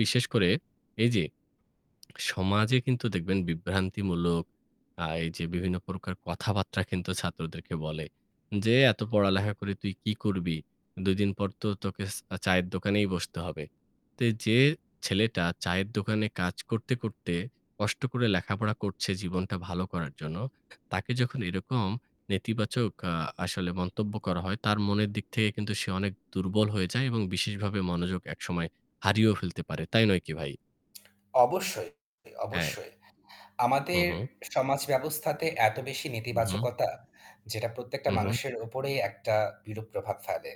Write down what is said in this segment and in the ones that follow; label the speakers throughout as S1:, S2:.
S1: বিশেষ করে, এই যে, সমাজে কিন্তু দেখবেন বিভ্রান্তিমূলক, আ এই যে বিভিন্ন প্রকার কথাবার্তা কিন্তু ছাত্রদেরকে বলে, যে, "এত পড়ালেখা করে তুই কি করবি? ২ দিন পর তো তোকে স চায়ের দোকানেই বসতে হবে।" তো যে ছেলেটা চায়ের দোকানে কাজ করতে, করতে কষ্ট করে লেখাপড়া করছে জীবনটা ভালো করার জন্য। তাকে যখন এরকম নেতিবাচক আ আসলে মন্তব্য করা হয় তার মনের দিক থেকে কিন্তু সে অনেক দুর্বল হয়ে যায় এবং বিশেষভাবে মনোযোগ একসময় হারিয়েও ফেলতে পারে। তাই নয় কি ভাই?
S2: অবশ্যই,
S1: হ্যাঁ।
S2: অবশ্যই।
S1: হুম,
S2: আমাদের
S1: হুম।
S2: সমাজ ব্যবস্থাতে এত বেশি
S1: হু, হু।
S2: নেতিবাচকতা যেটা প্রত্যেকটা
S1: হু, হু।
S2: মানুষের উপরেই একটা বিরূপ প্রভাব ফেলে।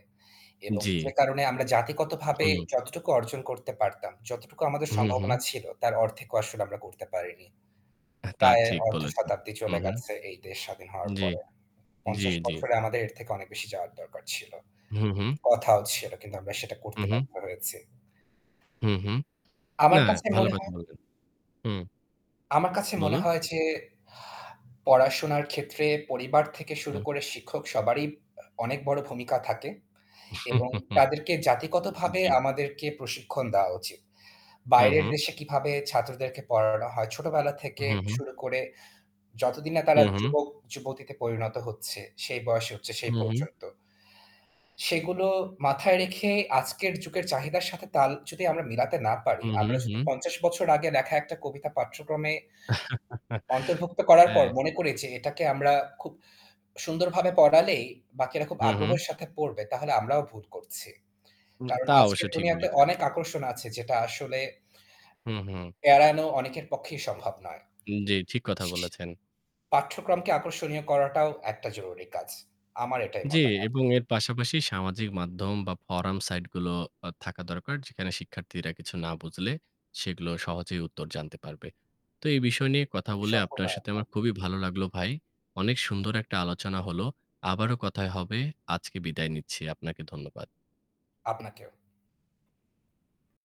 S2: এবং
S1: জ্বী।
S2: যে কারণে আমরা জাতিগতভাবে
S1: হুম।
S2: যতটুকু অর্জন করতে পারতাম, যতটুকু আমাদের
S1: হু,
S2: সম্ভাবনা
S1: হু।
S2: ছিল তার অর্থেকও আসলে আমরা করতে পারিনি।
S1: তা
S2: প্রায়
S1: ঠিক বলেছেন।
S2: অর্ধশতাব্দী চলে
S1: উহু।
S2: গেছে এই দেশ স্বাধীন হওয়ার
S1: জ্বী,
S2: পরে।
S1: জ্বী,
S2: ৫০
S1: জ্বী।
S2: বছরে আমাদের এর থেকে অনেক বেশি যাওয়ার দরকার ছিল।
S1: হু, হু।
S2: কথাও ছিল। কিন্তু আমরা সেটা
S1: হু
S2: করতে
S1: হু।
S2: বাধ্য হয়েছি।
S1: হুম, হুম। না
S2: আমার কাছে
S1: ভাল
S2: মনে
S1: কথা
S2: হয়
S1: বললেন। হুম।
S2: আমার কাছে মনে
S1: বলুন।
S2: হয় যে, পড়াশোনার ক্ষেত্রে পরিবার থেকে শুরু
S1: হুম।
S2: করে শিক্ষক সবারই আ অনেক বড় ভূমিকা থাকে। এবং তাদেরকে জাতিগতভাবে
S1: জ্বী।
S2: আমাদেরকে প্রশিক্ষণ দেওয়া উচিত।
S1: হু,
S2: বাইরের
S1: হু।
S2: দেশে কিভাবে ছাত্রদেরকে পড়ানো হয় ছোটবেলা থেকে
S1: হু, হু।
S2: শুরু করে যতদিন না
S1: হু,
S2: তারা
S1: হু।
S2: যুবক যুবতীতে পরিণত হচ্ছে সেই বয়সে হচ্ছে
S1: হু,
S2: সেই
S1: হু।
S2: পর্যন্ত। সেগুলো মাথায় রেখে আজকের যুগের চাহিদার সাথে তাল যদি আমরা মিলাতে না পারি,
S1: হু, হু,
S2: আমরা যদি
S1: হু।
S2: ৫০ বছর আগে লেখা একটা কবিতা পাঠ্যক্রমে অন্তর্ভুক্ত করার পর
S1: হ্যাঁ।
S2: মনে করি যে এটাকে আমরা খুব সুন্দরভাবে পড়ালেই বাকিরা খুব
S1: হু, হু।
S2: আগ্রহের সাথে পড়বে তাহলে আমরাও ভুল করছি।
S1: উ
S2: কারণ
S1: তা
S2: আজকের
S1: অবশ্যই ঠিক
S2: দুনিয়াতে
S1: বলেছেন।
S2: অনেক আকর্ষণ আছে যেটা আসলে
S1: হু, হু।
S2: এড়ানো অনেকের পক্ষেই সম্ভব নয়।
S1: জ্বি, ঠিক কথা বলেছেন।
S2: পাঠ্যক্রমকে আকর্ষণীয় করাটাও একটা জরুরি কাজ। আমার এটাই
S1: জ্বী,
S2: মতামত।
S1: এবং এর পাশাপাশি সামাজিক মাধ্যম বা ফরাম সাইট গুলো থাকা দরকার। যেখানে শিক্ষার্থীরা কিছু না বুঝলে সেগুলো সহজেই উত্তর জানতে পারবে। তো এই বিষয় নিয়ে কথা বলে
S2: সম্পূর্ণ
S1: আপনার সাথে
S2: একমত।
S1: আমার খুবই ভালো লাগলো ভাই। অনেক সুন্দর একটা আলোচনা হলো। আবারো কথায় হবে। আজকে বিদায় নিচ্ছি। আপনাকে ধন্যবাদ।
S2: আপনাকেও।